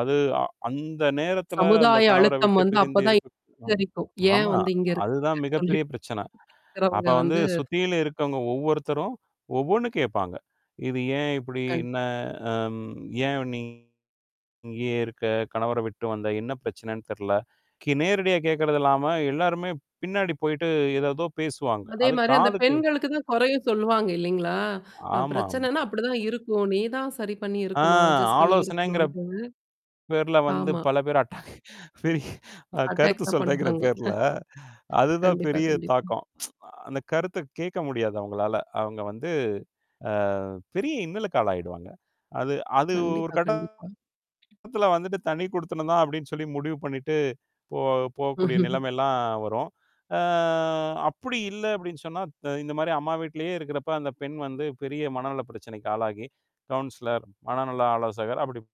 அது அ அந்த நேரத்துல, அந்தக் சமுதாய கணவர அழுத்தம் விட்டுப் வந்து பிரிந்து அப்பதான் இருக்கு [unintelligible] [unintelligible] ஏன் ஆமா, வந்து இங்க அதுதான் இருக்காங்கன்னு மிகப் பெரிய சொல்லிட்டு பிரச்சனை. [unintelligible] அப்ப இருக்கிறவங்க வந்து வந்து சுத்தியிலும் இருக்கவங்க ஒவ்வொருத்தரும், ஒவ்வொண்ணு கேப்பாங்க. இது ஏன் இப்புடி? கண் என்ன? அம் ஏன் நீ இங்கே இருக்க? கணவரை விட்டு வந்த? என்ன பிரச்சனைன்னு தெர்ல! கி நேரடியா கேக்குறது இல்லாம, எல்லாருமே பின்னாடி போயிட்டு, எதேதோ பேசுவாங்க. அதே அது மாரி அந்தப் காதுக்கு பெண்களுக்குத் தான் கொறையே சொல்லுவாங்க இல்லீங்களா? அ ஆமா, ஆமா. பிரச்சனன்னா அப்படிதான் இருக்கும். நீ தான் சரி பண்ணி அ இருக்கணும் அட்ஜஸ்ட் பண்ணி இருக்கணும் ஆலோசனைங்கிற [unintelligible] பேர்ல வந்து, ஆமா. பல பேர் [unintelligible] அ அட்டாக் கருத்து தான் சொல்றேங்குற பண்ணுவாங்க. ஹ. பேர்ல, அதுதான் கண்டிப்பா, பெரிய கண்டிப்பா. தாக்கம். அந்தக் கருத்த கேட்க முடியாது அவுங்களால. அவுங்க வந்து, அ பெரிய இன்னலுக்கு ஆளாயிடுவாங்க. அது அது ஒரு கண்டிப்பா, கண்டிப்பா. கட்டத்துல வந்துட்டு, "தனிக்குடித்தனம் தான்" அப்படின்னு சொல்லி முடிவு பண்ணிட்டு, போ போகக்கூடிய நிலைமைல்லாம் வரும். அ "அப்படி இல்ல" அப்படின்னு சொன்னா, த இந்த மாரி அம்மா வீட்டிலயே இருக்குறப்ப, அந்தப் பெண் வந்து பெரிய மனநலப் பிரச்சனைக்கு ஆளாகி, கவுன்சிலர், மனநல ஆலோசகர் அப்படி